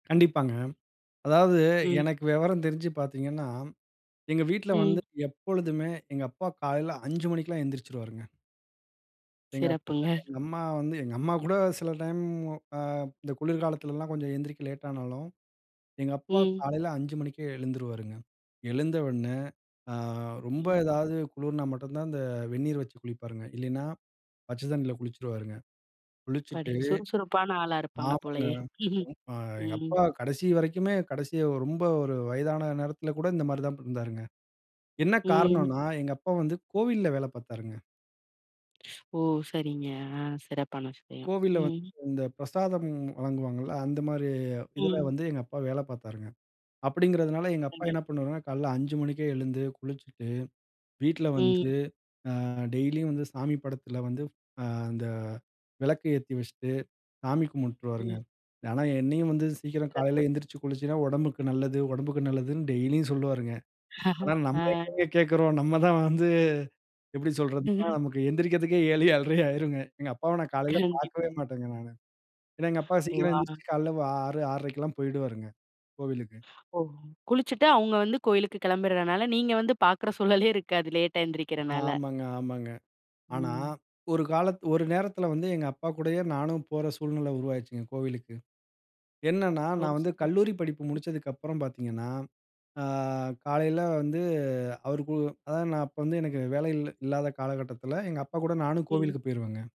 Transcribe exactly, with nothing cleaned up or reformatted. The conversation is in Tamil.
கண்டிப்பாங்க. அதாவது ம். எனக்கு வெவரம் தெரிஞ்சு பாத்தீங்கன்னா, எங்க வீட்ல வந்து ம். எப்பொழுதுமே, எங்க அப்பா காலையில அஞ்சு மணிக்கெல்லாம் எந்திரிச்சுருவாருங்க. எங்க அப்பா, சிறப்புங்க. எங்க அம்மா வந்து எங்க அம்மா கூட சில டைம் அ இந்த குளிர்காலத்துலலாம் கொஞ்சம் எந்திரிக்க லேட்டானாலும், எங்க அப்பா ம். காலையில அஞ்சு மணிக்கே எழுந்துருவாருங்க. எழுந்த உடனே, அ ரொம்ப ம். எதாவது குளிர்னா மட்டும் தான் இந்த வெந்நீர் வச்சு குளிப்பாருங்க. இல்லைன்னா, பச்சை தண்ணீல குளிச்சிருவாருங்க. அப்பாடி, குளிச்சுட்டு சுறுசுறுப்பான ஆளா இருப்பாங்க போலயே! [unintelligible] அ எங்க ம். அப்பா கடைசி வரைக்குமே, கடைசியா ரொம்ப ஒரு வயதான நேரத்தில கூட இந்த மாரி தான் இருந்தாருங்க. என்ன ம். காரணம்ன்னா, எங்க அப்பா வந்து கோவில்ல வேல பாத்தாருங்க. ஓ! சரிங்க. ஆ சிறப்பான விஷயம். கோவில்ல வந்து ம், இந்த பிரசாதம் வழங்குவாங்கள்ல, அந்த மாரி இதில ம். வந்து எங்க அப்பா வேல பாத்தாருங்க. அப்படிங்குறதுனால எங்க அப்பா கண்டிப் என்ன பண்ணுவாருன்னா, காலையில் அஞ்சு மணிக்கே எழுந்து, குளிச்சுட்டு வீட்ல ம். வந்து, அ டெய்லியும் வந்து சாமி படத்தில வந்து, அ அந்த விளக்கு ஏத்தி வச்சிட்டு சாமி கும்பிட்டுருவாருங்க. ம். ஆனா என்னையும் வந்து சீக்கிரம் சிறப்பு. காலையில எழுந்திரிச்சு குளிசைன்னா உடம்புக்கு நல்லது. உடம்புக்கு நல்லதுன்னு டெய்லியும் சொல்லுவாருங்க. ஆனா நம்ம ஆ, எங்கங்க கேக்கிறோம்? நம்ம தான் வந்து எப்படி சொல்றதுன்னா, ம்ஹ்ம். நமக்கு எந்திரிக்குறதுக்கே ஏழு, ஏழறை ஆயிருங்க. எங்க அப்பாவை நான் காலையில பாக்கவே கண்டிப்பா. மாட்டேன்ங்க நானு. ஏன்னா எங்க அப்பா ஓ! சீக்கிரம் அ, எந்திரித்து காலைல வா ஆறு, ஆறரை க்கு எல்லாம் போய்டுவாருங்க, கோவிலுக்கு. ஓ! குளிச்சுட்டு அவுங்க வந்து கோயிலுக்கு கெளம்பிர்ரனால, நீங்க வந்து பாக்குற சூழலே இருக்காது. லேட்டா எந்திரிக்கிறனால. ஆமாங்க. ஆமாங்க. ஆனா, ம். ஒரு காலத் ஒரு நேரத்தில வந்து எங்க அப்பா கூடயே நானும் போற சூழ்நிலை உருவாயிருச்சுங்க, கோவிலுக்கு. என்னென்னா, ஒ! நான் வந்து சரி கல்லூரி படிப்பு ம். முடிச்சதுக்கப்புறம் பாத்தீங்கன்னா, அ காலையில வந்து அவருக்கு அதாவது நான் அப்ப வந்து எனக்கு வேலை இல்ல இல்லாத காலகட்டத்தில எங்க அப்பா கூட நானும் ம். கோவிலுக்கு போயிருவேங்க.